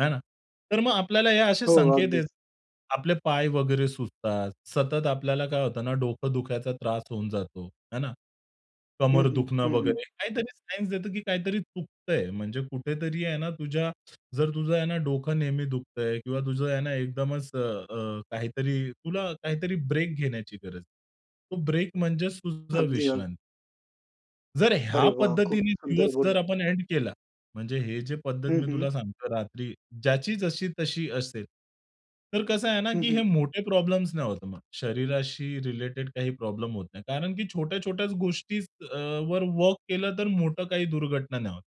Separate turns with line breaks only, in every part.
आहे ना. तर मग आपल्याला हे असे
हो
संकेत आहेत.
अगदीच.
आपले पाय वगैरे सुजतात. सतत आपल्याला काय होतं ना डोकं दुखायचा त्रास होऊन जातो, आहे ना?
हं,
कमर
हं,
दुखणं
हं, हं.
वगैरे काहीतरी सायन्स देतो की काहीतरी चुकतंय. म्हणजे कुठेतरी आहे ना तुझ्या जर तुझं आहे ना डोकं नेहमी दुखतंय किंवा तुझं आहे ना एकदमच अ, अ, काहीतरी तुला काहीतरी ब्रेक घेण्याची गरज आहे. तो ब्रेक म्हणजेच तुझी
अगदी, अगदी.
विश्रांती. जर ह्या
अरे वाह! खूप
पद्धतीने
सुंदर
दिवस जर
बोललात.
आपण एंड केला. म्हणजे हे जे पद्धत
हं,
मी
हं.
तुला सांगतो रात्री, ज्याची जशी-तशी असेल, तर कसं आहे ना
हं,
की
हं.
हे मोठे प्रॉब्लेम्स नाही होत मग. शरीराशी रिलेटेड काही प्रॉब्लेम होत नाही. कारण की छोट्या-छोट्याच गोष्टीच अ, वर वर्क केलं तर मोठं काही दुर्घटना नाही होत.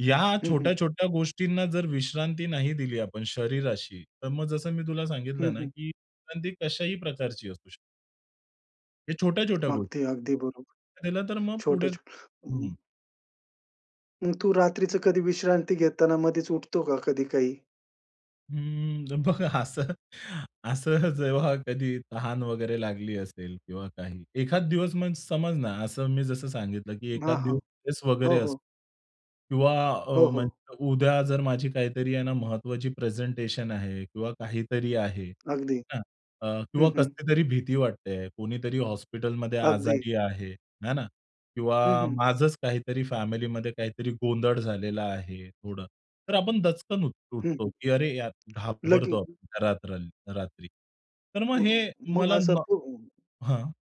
या
हं, हं.
छोट्या-छोट्या गोष्टींना जर विश्रांती नाही दिली आपण शरीराशी तर मग जसं मी तुला
हं,
सांगितलं ना
हं.
की विश्रांती कशाही प्रकारची असू शकते. हे छोट्या-छोट्या गोष्टी.
अगदी, अगदी बरोबर.
दिलं तर मग पुढे
छोटे-छोटे. अं
हं.
मग तू रात्रीचं कधी विश्रांती घेताना मध्येच उठतो का, कधी काही?
हं. बघा असं, असं जेव्हा कधी तहान वगैरे लागली असेल किंवा काही एखादं दिवस म्हणजे समज ना असं मी जसं सांगितलं की
हां,
एखादं
हां.
दिवस स्ट्रेस
हो,
वगैरे
हो.
असतो. किंवा अ,
हो, हो.
म्हणजे उद्या जर माझी काहीतरी आहे ना महत्वाची प्रेझेंटेशन आहे किंवा काहीतरी आहे.
अगदी.
आहे ना? अ, किंवा
हं, हं.
कसली तरी भीती वाटते आहे. कुणीतरी हॉस्पिटलमध्ये
अगदी.
आजारी आहे, आहे ना? किंवा
हं, हं.
माझचं काहीतरी फॅमिलीमध्ये काहीतरी गोंधळ झालेलं आहे थोडं. तर आपण दचकन
हं,
उठतो
हं.
की अरे यार,
लागली
घाबरतो
होती.
आपण, घरात राहायला रात्री. तर मग
मग
हे
मग
मला
असं
म
ब
हां.